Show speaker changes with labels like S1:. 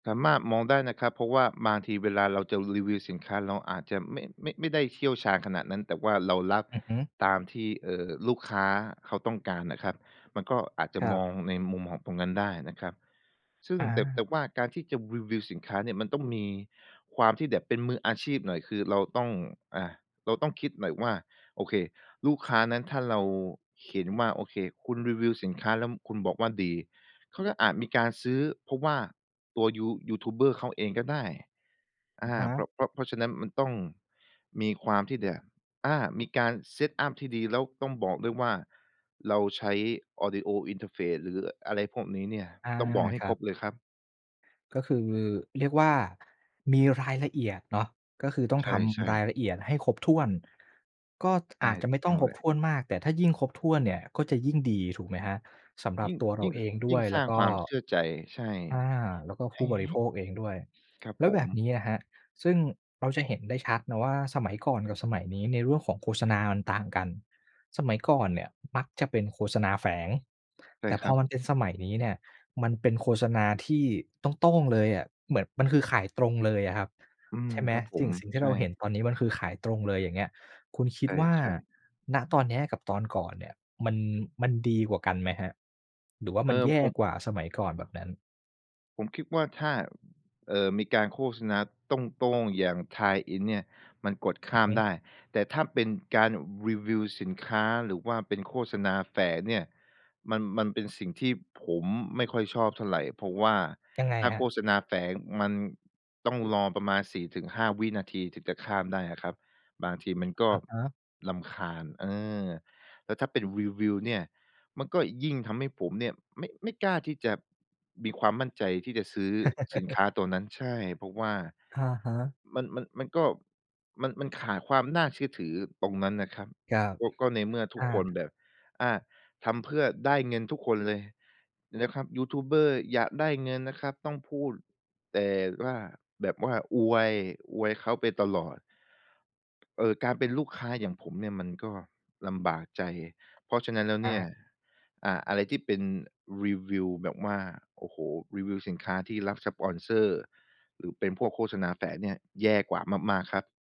S1: สามารถมองได้นะครับ เพราะว่าบางทีเวลาเราจะรีวิวสินค้า เราอาจจะไม่ ไม่ ไม่ได้เชี่ยวชาญขนาดนั้น แต่ว่าเรารับ
S2: อือฮึ
S1: ตามที่ เอ่อ ลูกค้าเขาต้องการน่ะครับ มันก็อาจจะ
S2: ครั
S1: ม
S2: บ
S1: องในมุมของตรงนั้นได้นะครับ ซึ่ง
S2: อ
S1: แต่ แต
S2: า
S1: ่ว่าการที่จะรีวิวสินค้าเนี่ยมันต้องมีความที่แบบเป็นมืออาชีพหน่อย คือเราต้อง อ่า เราต้องคิดหน่อยว่า โอเค ลูกค้านั้น ถ้าเราเห็นว่า โอเค คุณรีวิวสินค้าแล้วคุณบอกว่าดี เขาก็อาจมีการซื้อ เพราะว่าตัวยู ยูทูบเบอร์เขาเองก็ได้ อ
S2: อะ
S1: า
S2: ฮ
S1: เพร
S2: ะ
S1: าะ เพราะ เพราะฉะนั้น มันต้องมีความที่แบบ อา มีการ set up ที่ดี แล้วต้องบอกด้วยว่า เราใช้ Audio Interface หรืออะไรพวกนี้เนี่ย
S2: อา
S1: ต้องบอกให้
S2: คร
S1: ค
S2: ั
S1: ร
S2: บ
S1: บเลยครับ
S2: ก็คือ เรียกว่า มีรายละเอียดเนาะ ก็คือต้อง
S1: ใ
S2: ท
S1: ช่
S2: ำรา
S1: ๆ
S2: ยละเอียดให้ครบถ้วน ก็
S1: ใช
S2: อ
S1: ่
S2: าจจะ
S1: ถู
S2: ไม่
S1: กต
S2: ต้
S1: ้
S2: อ
S1: อง
S2: งคร
S1: เล
S2: บ
S1: ย
S2: ถ้วนมาก แต่ถ้ายิ่งครบถ้วนเนี่ยก็จะยิ่งดี ถูกไหมครับ? สำหรั
S1: ย
S2: บ
S1: ิ่ง
S2: ตัวเ
S1: ย
S2: ร
S1: ิ
S2: า
S1: ่ง
S2: เอ
S1: ข
S2: งด
S1: ย
S2: ้
S1: ิ
S2: ว
S1: ่ง
S2: ย
S1: ส
S2: แล
S1: ร้
S2: ้
S1: า
S2: ว
S1: ง
S2: ก
S1: ค
S2: ็
S1: วามเชื่อใจ ใช่
S2: อา แล้วก็
S1: ใ
S2: ผ
S1: ห
S2: ู
S1: ้
S2: ้บ
S1: ใ
S2: ร
S1: ห
S2: ิ
S1: ้
S2: โภคเองด้วย
S1: ครับ
S2: แล้
S1: ผ
S2: วแบบน
S1: ม
S2: ี้อะครับ ซึ่งเราจะเห็นได้ชัดเนาะว่า สมัยก่อนกับสมัยนี้ ในเรื่องของโฆษณา มันต่างกัน สมัยก่อนเนี่ยมักจะเป็นโฆษณาแฝง
S1: ใช
S2: แ
S1: ่
S2: ต่
S1: ค
S2: พ
S1: ร
S2: อ
S1: ั
S2: ม
S1: บ
S2: ันเป็นสมัยนี้ี่เนี่ย มันเป็นโฆษณาที่โต้ง ๆ เลยอะ เหมือน มันคือขายตรงเลยอะครับ
S1: อืม
S2: ใช่ไหม?
S1: ครับผ
S2: สิ่
S1: ม
S2: ง สิ่งที
S1: ใช
S2: ่เราเห็น
S1: ่
S2: ตอนนี้มันคือขายตรงเลย อย่างเงี้ย คุณคิ
S1: ใ
S2: ดว่า
S1: ช่ ๆ
S2: ณ ตอนเนี้ยกับตอนก่อนเนี่ย มัน มันดีกว่ากันไหมครับ? หรือว่า
S1: เอ
S2: ม
S1: อ
S2: ันแย
S1: ผ
S2: ่
S1: ม
S2: กว่าสมัยก่อน แบบนั้น
S1: ผมคิดว่า ถ้า เอ่อ มีการโฆษณาโต้ง ๆ อย่าง tie-in เนี่ย มันกดข
S2: อื
S1: ้
S2: อ
S1: า
S2: ฮ
S1: ม
S2: ึ
S1: ได้ แต่ถ้าเป็นการรีวิวสินค้าหรือว่าเป็นโฆษณาแฝงเนี่ย มัน มันเป็นสิ่งที่ผมไม่ค่อยชอบเท่าไร เพราะว่า
S2: ยังไง
S1: ถ้า
S2: ครั
S1: โฆ
S2: บ?
S1: ษณาแฝงมันต้องรอประมาณ 4-5 วินาที ถึงจะข้ามได้อะครับ บางทีมันก็
S2: อะฮะ
S1: รำคาญ เออ แล้วถ้าเป็นรีวิวเนี่ย มันก็ยิ่งทำให้ผมเนี่ยไม่ ไม่กล้าที่จะมีความมั่นใจที่จะซื้อสินค้าตัวนั้น ใช่ เพราะว่า
S2: อะฮะ
S1: มัน มัน มันก็ มัน มันขาดความน่าเชื่อถือตรงนั้นน่ะครับ
S2: ครับ
S1: ก็ ก็ในเมื่อทุ
S2: อ
S1: กคน
S2: า
S1: แบบ อ่า ทำเพื่อได้เงินทุกคนเลย นะครับ ยูทูบเบอร์อยากได้เงินนะครับ ต้องพูด แต่ว่า แบบว่าอวย อวยเขาไปตลอด เออ การเป็นลูกค้าอย่างผมเนี่ยมันก็ลำบากใจ เพราะฉะนั้นแล้ว
S2: อ
S1: เนี่ย
S2: า
S1: อ่า อะไรที่เป็นรีวิวแบบว่า โอ้โฮ! รีวิวสินค้าที่รับสปอนเซอร์ หรือเป็นพวกโฆษณาแฝงเนี่ย แย่กว่ามาก ๆ ครับ